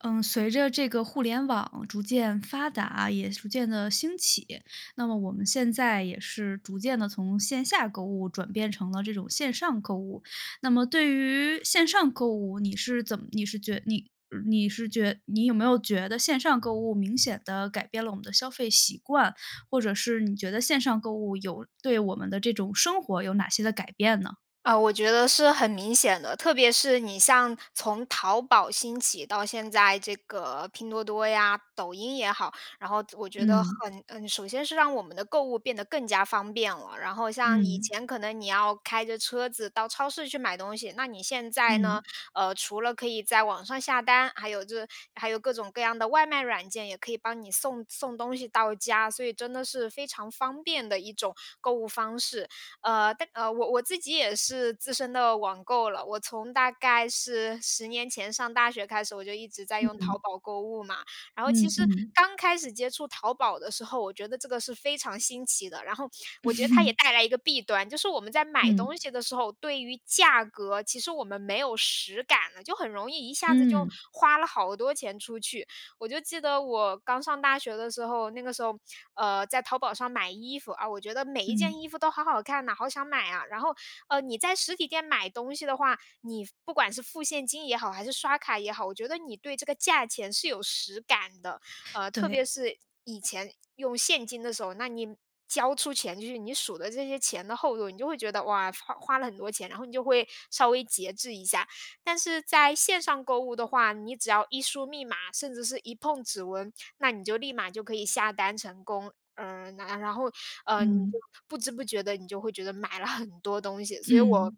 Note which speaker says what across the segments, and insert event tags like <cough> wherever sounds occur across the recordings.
Speaker 1: 嗯，随着这个互联网逐渐发达，也逐渐地兴起，那么我们现在也是逐渐地从线下购物转变成了这种线上购物。那么对于线上购物，你是怎么你是觉你你是觉你有没有觉得线上购物，明显地改变了我们的消费习惯？或者是你觉得线上购物有对我们的这种生活有哪些的改变呢？
Speaker 2: 呃，我觉得是很明显的，特别是你像从淘宝兴起到现在这个拼多多呀、抖音也好，然后我觉得
Speaker 1: 嗯。
Speaker 2: 很嗯，首先是让我们的购物变得更加方便了。然后像以
Speaker 1: 嗯。
Speaker 2: 前可能你要开着车子到超市去买东西。那你现在呢，
Speaker 1: 嗯。
Speaker 2: 呃，除了可以在网上下单，还有这还有各种各样的外卖软件，也可以帮你送送东西到家，所以真的是非常方便的一种购物方式。呃，但呃，我我自己也是资深的网购了，我从大概是10年前上大学开始，我就一直在用
Speaker 1: 嗯。
Speaker 2: 淘宝购物嘛。然后其
Speaker 1: 嗯，
Speaker 2: 实
Speaker 1: 嗯。
Speaker 2: 刚开始接触淘宝的时候，我觉得这个是非常新奇的，然后我觉得它也
Speaker 1: <laughs>
Speaker 2: 带来一个弊端，就是我们在买
Speaker 1: 嗯。
Speaker 2: 东西的时候，对于价格，其实我们没有实感呢，就很容易一下子就
Speaker 1: 嗯。
Speaker 2: 花了好多钱出去。我就记得我刚上大学的时候，那个时候，呃，在淘宝上买衣服，啊，我觉得每一件
Speaker 1: 嗯。
Speaker 2: 衣服都好好看呐，好想买啊。然后，呃，你在实体店买东西的话，你付不管是付现金也好，还是刷卡也好，我觉得你对这个价钱是有实感的。呃，特别
Speaker 1: 对。
Speaker 2: 是，以前用现金的时候，那你交出钱去，你数的这些钱的厚度，你就会觉得，哇，花花了很多钱，然后你就会稍微节制一下。但是在线上购物的话，你只要一输密码，甚至是一碰指纹，那你就立马就可以下单成功。嗯，然然后，呃，你就
Speaker 1: 嗯。
Speaker 2: 不知不觉地你就会觉得买了很多东西。所以我
Speaker 1: 嗯。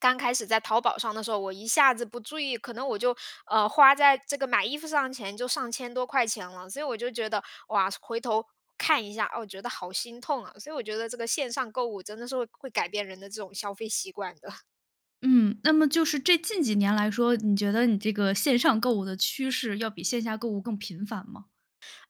Speaker 2: 刚开始在淘宝上的时候，我一下子不注意，可能我就呃，花在这个买衣服上的钱就上千多块钱了。所以我就觉得，哇，回头看一下，哦，我觉得好心痛啊。所以我觉得这个线上购物真的是会会改变人的这种消费习惯的。
Speaker 1: 嗯。那么就是这近几年来说，你觉得你这个线上购物的趋势要比线下购物更频繁吗？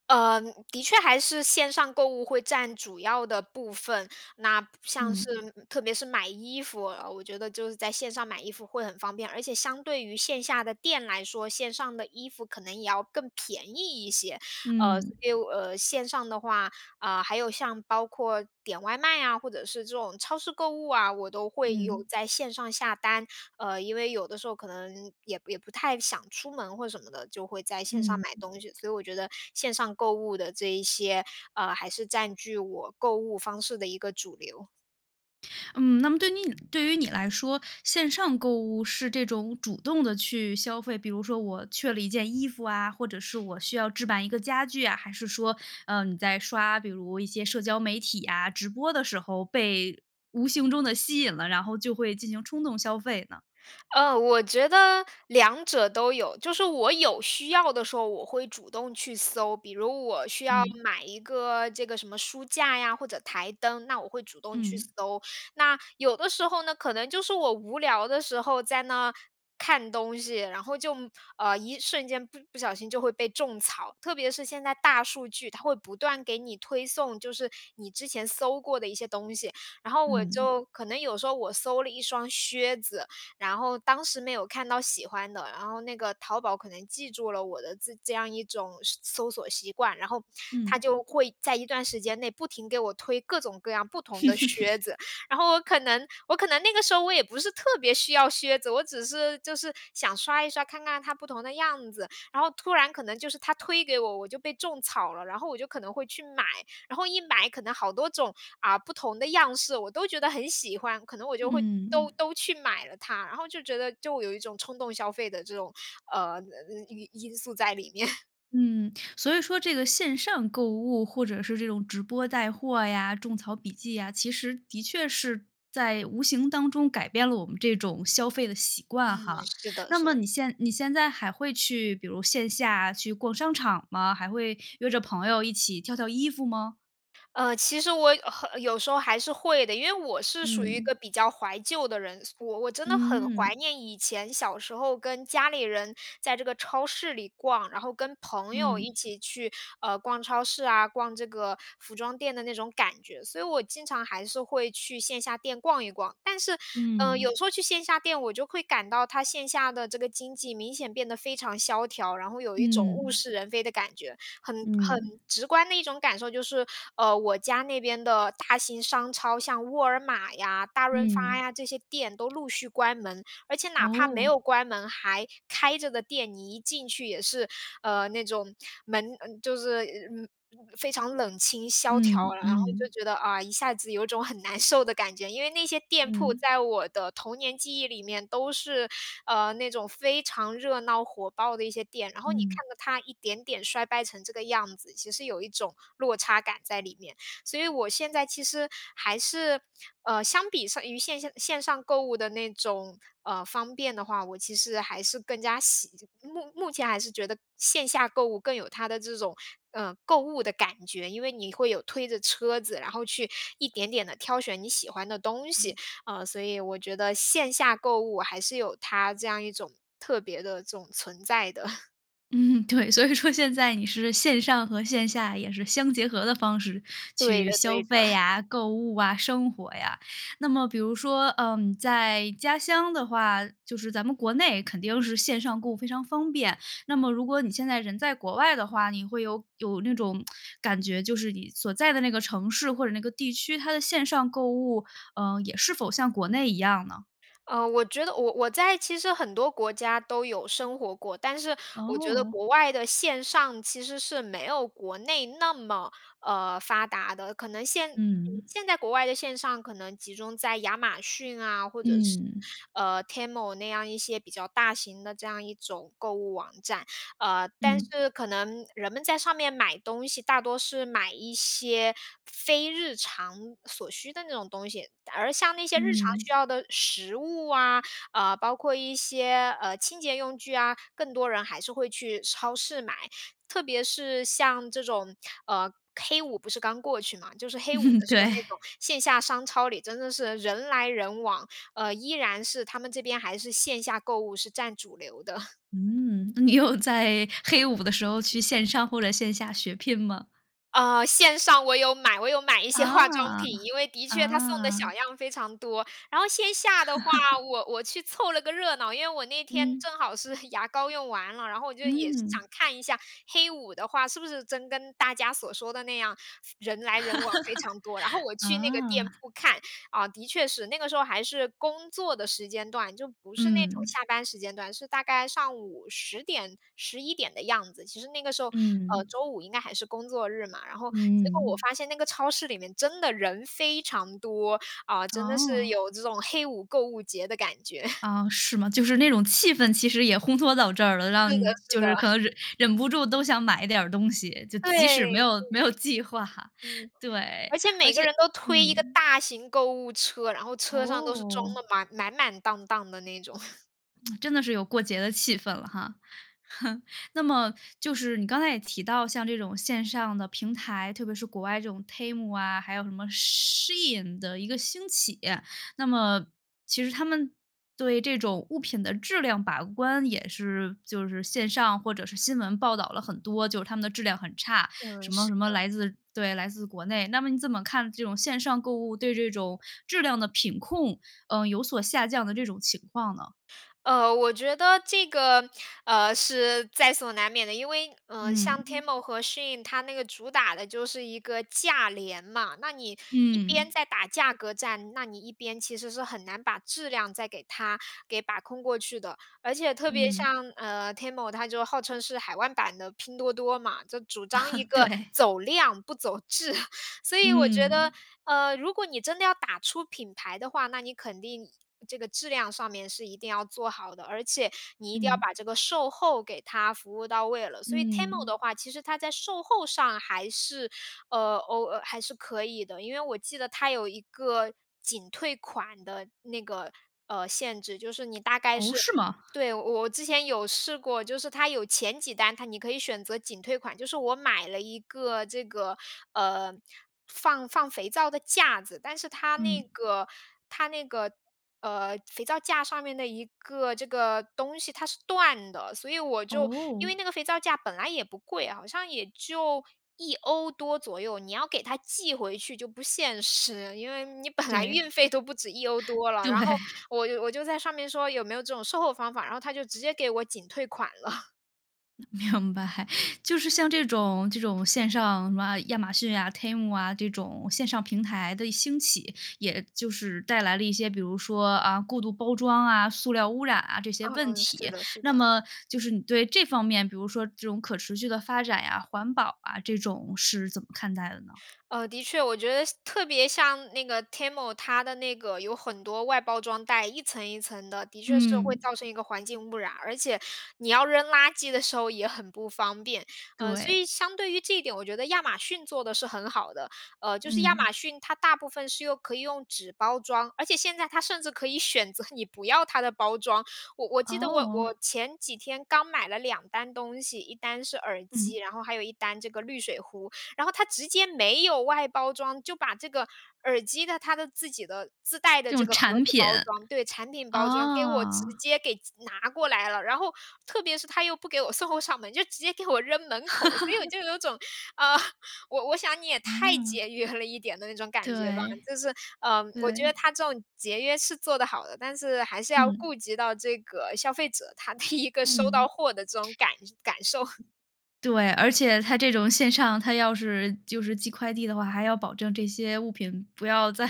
Speaker 2: 呃，的确还是线上购物会占主要的部分。那，不像是
Speaker 1: 嗯。
Speaker 2: 特别是买衣服，呃，我觉得就是在线上买衣服会很方便。而且相对于线下的店来说，线上的衣服可能也要更便宜一些。呃，
Speaker 1: 嗯。
Speaker 2: 所以，呃，线上的话，呃，还有像包括点外卖啊，或者是这种超市购物啊，我都会有
Speaker 1: 嗯。
Speaker 2: 在线上下单。呃，因为有的时候可能也也不太想出门或是什么的，就会在线上
Speaker 1: 嗯。
Speaker 2: 买东西。所以我觉得线上购物的这一些，呃，还是占据我购物方式的一个主流。
Speaker 1: 嗯，那么对你对于你来说，线上购物是这种主动地去消费，比如说我缺了一件衣服啊，或者是我需要置办一个家具啊，还是说，呃，你在刷比如一些社交媒体啊、直播的时候被无形中地吸引了，然后就会进行冲动消费呢？
Speaker 2: 呃，我觉得两者都有。就是我有需要的时候，我会主动去搜，比如我需要
Speaker 1: 嗯。
Speaker 2: 买一个这个什么书架呀，或者台灯，那我会主动去
Speaker 1: 嗯。
Speaker 2: 搜。那，有的时候呢，可能就是我无聊的时候在那看东西。然后就，呃，一瞬间不不小心就会被种草。特别是现在大数据，它会不断给你推送，就是你之前搜过的一些东西。然后我
Speaker 1: 嗯。
Speaker 2: 就可能有时候我搜了一双靴子，然后当时没有看到喜欢的，然后那个淘宝可能记住了我的自这样一种是搜索习惯，然后它
Speaker 1: 嗯。
Speaker 2: 就会在一段时间内不停给我推各种各样不同的靴
Speaker 1: <chuckles>
Speaker 2: 子。然后我可能我可能那个时候我也不是特别需要靴子，我只是就是想刷一刷，看看它不同的样子。然后突然可能就是它推给我，我就被种草了。然后我就可能会去买，然后一买可能好多种，啊，不同的样式，我都觉得很喜欢，可能我就会都
Speaker 1: 嗯。
Speaker 2: 都去买了它，然后就觉得就有一种冲动消费的这种，呃，呃嗯因因素在里面。
Speaker 1: 嗯，所以说这个线上购物或者是这种直播带货呀、种草笔记呀，其实，的确是在无形当中改变了我们这种消费的习
Speaker 2: 嗯，
Speaker 1: 惯哈。
Speaker 2: 是的，
Speaker 1: 那
Speaker 2: 是
Speaker 1: 么
Speaker 2: 的。
Speaker 1: 你现你现在还会去，比如线下去逛商场吗？还会约着朋友一起挑挑衣服吗？
Speaker 2: 呃，其实我呵有时候还是会的。因为我是属于一
Speaker 1: 嗯。
Speaker 2: 个比较怀旧的人，所我我真的很
Speaker 1: 嗯
Speaker 2: 怀
Speaker 1: 嗯。
Speaker 2: 念以前小时候跟家里人在这个超市里逛，然后跟朋友一
Speaker 1: 嗯。
Speaker 2: 起去，呃，逛超市啊、逛这个服装店的那种感觉。所以我经常还是会去线下店逛一逛。但是，嗯，
Speaker 1: 嗯。
Speaker 2: 有时候去线下店，我就会感到它线下的这个经济明显变得非常萧条，然后有一种物
Speaker 1: 嗯。
Speaker 2: 是人非的感觉。很很
Speaker 1: 嗯。
Speaker 2: 直观的一种感受就是，呃，我家那边的大型商超，像沃尔玛呀、大润发
Speaker 1: 嗯。
Speaker 2: 呀，这些店都
Speaker 1: <clicks tongue>
Speaker 2: 陆续关门。而且哪怕没
Speaker 1: 哦。
Speaker 2: 有关门，还开着的店，你一进去也是，呃，那种门就是嗯，非常冷清萧条，
Speaker 1: 嗯，
Speaker 2: 然后就
Speaker 1: 嗯。
Speaker 2: 觉得，啊，一下子有种很难受的感觉。因为那些店铺
Speaker 1: 嗯。
Speaker 2: 在我的童年记忆里面都是，呃，那种非常热闹火爆的一些店，然后你看
Speaker 1: 嗯。
Speaker 2: 着它一点点衰败成这个样子，其实有一种落差感在里面。所以我现在其实，还是，呃，相比上于线下线上购物的那种，呃，方便的话，我其实还是更加喜目目前还是觉得，线下购物更有它的这种，嗯，购物的感觉。因为你会有推着车子，然后去一点点地挑选你喜欢的东西，
Speaker 1: 嗯。
Speaker 2: 呃，所以我觉得线下购物还是有它这样一种，特别的这种存在的。<laughs>
Speaker 1: 嗯，对，所以说现在你是线上和线下，也是相结合的方式
Speaker 2: 对
Speaker 1: 去
Speaker 2: 的，
Speaker 1: 消
Speaker 2: 对的。
Speaker 1: 费
Speaker 2: <laughs>
Speaker 1: 啊、购物啊、生活呀。那么比如说，呃，在家乡的话，就是咱们国内肯定是线上购物非常方便，那么如果你现在人在国外的话，你会有有那种 <tsk> 感觉，就是你所在的那个城市或者那个地区，它的线上购物，呃，也是否像国内一样呢？
Speaker 2: 呃，我觉得我我我在其实很多国家都有生活过，但是我觉得
Speaker 1: 哦。
Speaker 2: 国外的线上，其实是没有国内那么，呃，发达的。可能现
Speaker 1: 嗯。
Speaker 2: 现在国外的线上可能集中在亚马逊啊，或者是，
Speaker 1: 嗯。
Speaker 2: 呃，Temu 那样一些比较大型的这样一种购物网站。呃，但
Speaker 1: 嗯。
Speaker 2: 是可能人们在上面买东西，大多是买一些非日常所需的那种东西，而像那些日常需
Speaker 1: 嗯。
Speaker 2: 要的食物啊，呃，包括一些，呃，清洁用具啊，更多人还是会去超市买。特别是像这种，呃黑五不是刚过去嘛，就是黑五
Speaker 1: 嗯，
Speaker 2: 的时候
Speaker 1: 对。
Speaker 2: 那种线下商超里真的是人来人往，呃，依然是他们这边还是线下购物是占主流的。
Speaker 1: 嗯，你有在黑五的时候去线上或者线下血拼吗？
Speaker 2: 呃，线上我有买，我有买一些化妆
Speaker 1: 啊，
Speaker 2: 品，因为的确它送的小
Speaker 1: 啊。
Speaker 2: 样非常多。然后线下的话，
Speaker 1: <laughs>
Speaker 2: 我我去凑了个热闹，因为我那天
Speaker 1: 嗯。
Speaker 2: 正好是牙膏用完了，然后我就也是想
Speaker 1: 嗯。
Speaker 2: 看一下黑五的话，是不是真跟大家所说的那样，人来人往非常多。然后我
Speaker 1: <laughs>
Speaker 2: 去那个店
Speaker 1: 啊。
Speaker 2: 铺看，啊，的确是，那个时候还是工作的时间段，就不是那种
Speaker 1: 嗯。
Speaker 2: 下班时间段，是大概上午10点、11点的样子。其实那个时候，呃，
Speaker 1: 嗯。
Speaker 2: 周5应该还是工作日嘛，然后结果我
Speaker 1: 嗯。
Speaker 2: 发现那个超市里面真的人非常多，啊，
Speaker 1: <smacks lips>
Speaker 2: 真的是
Speaker 1: 哦。
Speaker 2: 有这种黑五购物节的感觉。
Speaker 1: 啊，是吗？就是那种气氛其实也烘托到这儿了，
Speaker 2: 是
Speaker 1: 让
Speaker 2: 的，是
Speaker 1: 就
Speaker 2: 的。
Speaker 1: 是可能忍忍不住都想买一点儿东西，就
Speaker 2: 对，
Speaker 1: 即
Speaker 2: 对。
Speaker 1: 使没有没有计划，
Speaker 2: 嗯，
Speaker 1: 对，
Speaker 2: 而且
Speaker 1: 而
Speaker 2: 每个
Speaker 1: 且
Speaker 2: 人都推一个
Speaker 1: 嗯。
Speaker 2: 大型购物车，然后车上都是装
Speaker 1: 哦。
Speaker 2: 得满满满当当的那种。<laughs>
Speaker 1: <smacks lips> 真的是有过节的气氛了哈。<laughs> 那么就是你刚才也提到像这种线上的平台，特别是国外这种 TEMU 啊，还有什么 SHEIN 的一个兴起。那么其实它们对这种物品的质量把关，也是就是线上或者是新闻报道了很多，就是它们的质量很差，
Speaker 2: 嗯，
Speaker 1: 什么
Speaker 2: 是
Speaker 1: 什么
Speaker 2: 的。
Speaker 1: 来自对，来自国内，那么你怎么看这种线上购物，对这种质量的品控，呃，有所下降的这种情况呢？
Speaker 2: 呃，我觉得这个，呃，是在所难免的，因为，呃，像
Speaker 1: 嗯。
Speaker 2: TEMU 和 SHEIN 它那个主打的就是一个价廉嘛。那你一边
Speaker 1: 嗯。
Speaker 2: 在打价格战，那你一边其实是很难把质量再给它给把控过去的。而且，特别
Speaker 1: 嗯。
Speaker 2: 像，呃，TEMU 它就号称是海外版的拼多多嘛，就主张一
Speaker 1: <laughs>
Speaker 2: 个
Speaker 1: 对。
Speaker 2: 走量不走质。<chuckles> 所以我觉得，
Speaker 1: 嗯。
Speaker 2: 呃，如果你真的要打出品牌的话，那你肯定这个质量上面是一定要做好的，而且你一定要
Speaker 1: 嗯。
Speaker 2: 把这个售后给它服务到位了。所以 TEMU
Speaker 1: 嗯。
Speaker 2: 的话，其实它在售后上还是，呃，哦还是可以的，因为我记得它有一个仅退款的那个，呃，限制，就是你大概
Speaker 1: 哦，
Speaker 2: 是
Speaker 1: 是吗？
Speaker 2: 对，我我之前有试过，就是它有前几单，它你可以选择仅退款。就是我买了一个这个，呃，放放肥皂的架子，但是它那
Speaker 1: 嗯。
Speaker 2: 个它那个，呃，肥皂架上面的一个这个东西它是断的，所以我就，因
Speaker 1: 哦。
Speaker 2: 为那个肥皂架本来也不贵，好像也就€1多左右，你要给它寄回去就不现实，因为你本来
Speaker 1: 对。
Speaker 2: 运费都不止€1多了，
Speaker 1: <inhales>
Speaker 2: 然后
Speaker 1: 对。
Speaker 2: 我就我就在上面说有没有这种售后方法，然后它就直接给我仅退款了。
Speaker 1: 嗯，明白，<laughs> 就是像这种这种线上什么亚马逊啊，TEMU 啊，这种线上平台的兴起，也就是带来了一些比如说，啊，过度包装啊、塑料污染啊，这些问
Speaker 2: 嗯，是
Speaker 1: 题。
Speaker 2: 的，是
Speaker 1: 那
Speaker 2: 的。
Speaker 1: 么，就是你对这方面，比如说这种可持续的发展呀、环保啊，这种是怎么看待的呢？
Speaker 2: 呃，的确，我觉得像特别像那个 TEMU，它的那个有很多外包装袋，一层一层的，的确是会
Speaker 1: 嗯。
Speaker 2: 造成一个环境污染，而且你要扔垃圾的时候也很不方便。嗯，所以
Speaker 1: 对。
Speaker 2: 相对于这一点，我觉得亚马逊做的是很好的。呃，就是亚马
Speaker 1: 嗯。
Speaker 2: 逊它大部分是用可以用纸包装，而且现在它甚至可以选择你不要它的包装，我我记得我
Speaker 1: 哦。
Speaker 2: 我前几天刚买了2单东西，1单是耳
Speaker 1: 嗯。
Speaker 2: 机，然后还有1单-这个滤水壶。然后它直接没有外包装，就把这个耳机的它的自己的自带的
Speaker 1: 这
Speaker 2: 这
Speaker 1: 种
Speaker 2: 个盒
Speaker 1: 产
Speaker 2: 子
Speaker 1: 品，
Speaker 2: 包装对，产品包装给我直
Speaker 1: 哦。
Speaker 2: 接给寄拿过来了。然后特别是它又不给我送货上门，就直接给我扔门口。所以我
Speaker 1: <laughs>
Speaker 2: 就有种，呃，我我想你也太
Speaker 1: 哦。
Speaker 2: 节约了一点的那种感觉吧。
Speaker 1: 对，
Speaker 2: 就是，呃，我觉得
Speaker 1: 对。
Speaker 2: 它这种节约是做得好的，但是还是要
Speaker 1: 嗯。
Speaker 2: 顾及到这个消费者他的一个收到
Speaker 1: 嗯。
Speaker 2: 货的这种感感受。<laughs>
Speaker 1: 对，而且它这种线上，它要是就是寄快递的话，还要保证这些物品不要在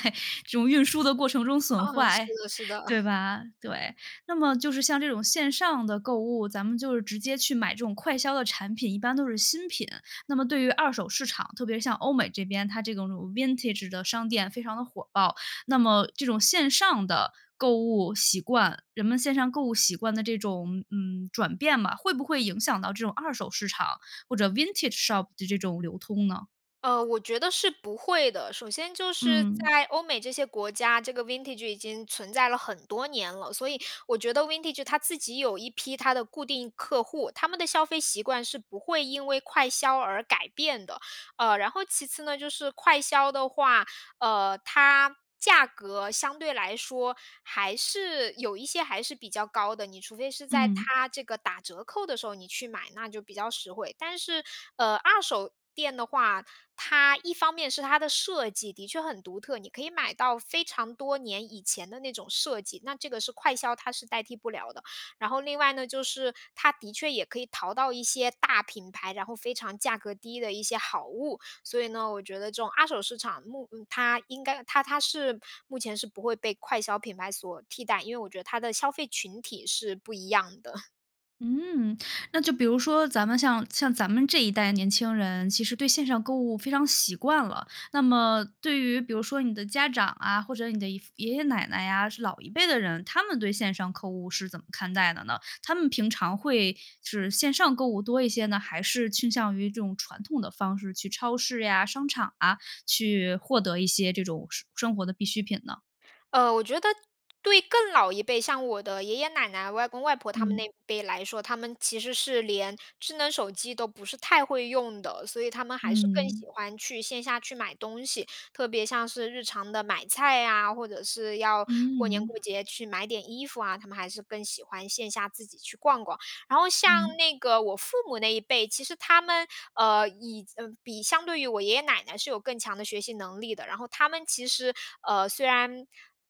Speaker 1: 这种运输的过程中损
Speaker 2: 啊，是
Speaker 1: 坏，
Speaker 2: 的，是的。
Speaker 1: 对
Speaker 2: <chuckles>
Speaker 1: 吧？对。那么就是像这种线上的购物，咱们就是直接去买这种快销的产品，一般都是新品。那么对于二手市场，特别是像欧美这边，它这种 vintage 的商店非常的火爆。那么这种线上的，购物习惯人们线上购物习惯的这种，嗯，转变嘛，会不会影响到这种二手市场或者 vintage shop 这种流通呢？
Speaker 2: 呃，我觉得是不会的。首先就是
Speaker 1: 嗯。
Speaker 2: 在欧美这些国家，这个 Vintage 已经存在了很多年了，所以，我觉得 Vintage 它自己有一批它的固定客户。他们的消费习惯是不会因为快销而改变的。呃，然后其次呢，就是快销的话，呃，它价格相对来说，还是有一些还是比较高的。你除非是在
Speaker 1: 嗯。
Speaker 2: 它这个打折扣的时候你去买，那就比较实惠。但是，呃，二手店的话，它一方面是它的设计的确很独特，你可以买到非常多年以前的那种设计，那这个是快销它是代替不了的。然后另外呢，就是它的确也可以淘到一些大品牌，然后非常价格低的一些好物。所以呢，我觉得这种二手市场，目它应该它-它是目前是不会被快销品牌所替代。因为我觉得它的消费群体是不一样的。<chuckles>
Speaker 1: 嗯，那就比如说咱们像像咱们这一代年轻人，其实对线上购物非常习惯了。那么，对于比如说你的家长啊，或者你的姨父爷爷奶奶呀，是老一辈的人，他们对线上购物是怎么看待的呢？他们平常会是线上购物多一些呢？还是倾向于这种传统的方式去超市呀、商场啊，去获得一些这种生生活的必需品呢？
Speaker 2: 呃，我觉得对更老一辈，像我的爷爷奶奶、外公外婆他们
Speaker 1: 嗯。
Speaker 2: 那一辈来说，他们其实是连智能手机都不是太会用的。所以他们还是更
Speaker 1: 嗯。
Speaker 2: 喜欢去线下去买东西，特别像是日常的买菜呀，或者是要过年
Speaker 1: 嗯。
Speaker 2: 过节去买点衣服啊，他们还是更喜欢线下自己去逛逛。然后
Speaker 1: 嗯。
Speaker 2: 像那个我父母那一辈，其实他们，呃，以比相对于我爷爷奶奶是有更强的学习能力的，然后他们其实，呃，虽然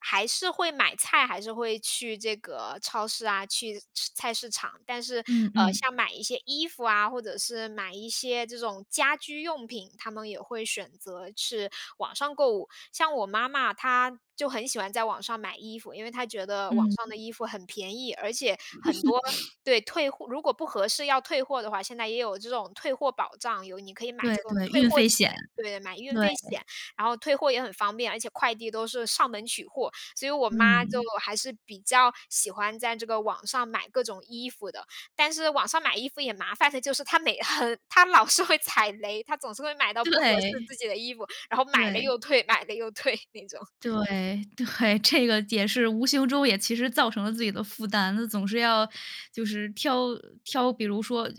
Speaker 2: 还是会买菜，还是会去这个超市啊，去是菜市场。但是，
Speaker 1: 嗯，
Speaker 2: 呃，
Speaker 1: 嗯。
Speaker 2: 像买一些衣服啊，或者是买一些这种家居用品，他们也会选择是网上购物。像我妈妈，她就很喜欢在网上买衣服，因为她觉得网
Speaker 1: 嗯。
Speaker 2: 上的衣服很便宜，而且很多
Speaker 1: <laughs>
Speaker 2: 对，退货如果不合适要退货的话，现在也有这种退货保障，有你可以买
Speaker 1: 对，
Speaker 2: 这个
Speaker 1: 对，
Speaker 2: 退
Speaker 1: 运
Speaker 2: 货
Speaker 1: 费
Speaker 2: 险
Speaker 1: 险。
Speaker 2: 对，买运
Speaker 1: 对。
Speaker 2: 费险，然后退货也很方便，而且快递都是上门取货，所以我妈就
Speaker 1: 嗯。
Speaker 2: 还是比较喜欢在这个网上买各种衣服的。但是网上买衣服也麻烦的就是，她每很她老是会踩雷，她总是会买到不合适
Speaker 1: 对，
Speaker 2: 自己的衣服，然后买了
Speaker 1: 对。
Speaker 2: 又退，买了又退，那种。
Speaker 1: 对，对，这个也是无形中也其实造成了自己的负担，那总是要就是挑呃，挑比如说，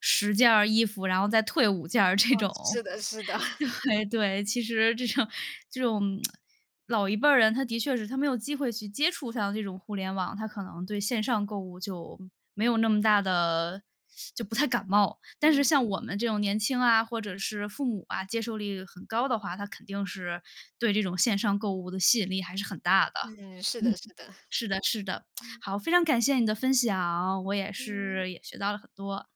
Speaker 1: 10件儿衣服，然后再退5件儿这
Speaker 2: 嗯，
Speaker 1: 种。
Speaker 2: 是的，是的。<chuckles>
Speaker 1: 对，对。其实这种这种 <tsk> 老一辈儿人，他的确是他没有机会去接触上这种互联网，他可能对线上购物就没有那么大的 <sucks teeth> 就不太感冒。但是
Speaker 2: 嗯。
Speaker 1: 像我们这种年轻啊，或者是父母啊，接受力很高的话，他肯定是对这种线上购物的吸引力还是很大的。
Speaker 2: 嗯，是
Speaker 1: 嗯，
Speaker 2: 的，是的，
Speaker 1: 是的，是的，<smacks lips>
Speaker 2: 嗯。
Speaker 1: 好，非常感谢你的分享，我也
Speaker 2: 嗯。
Speaker 1: 是，也学到了很多。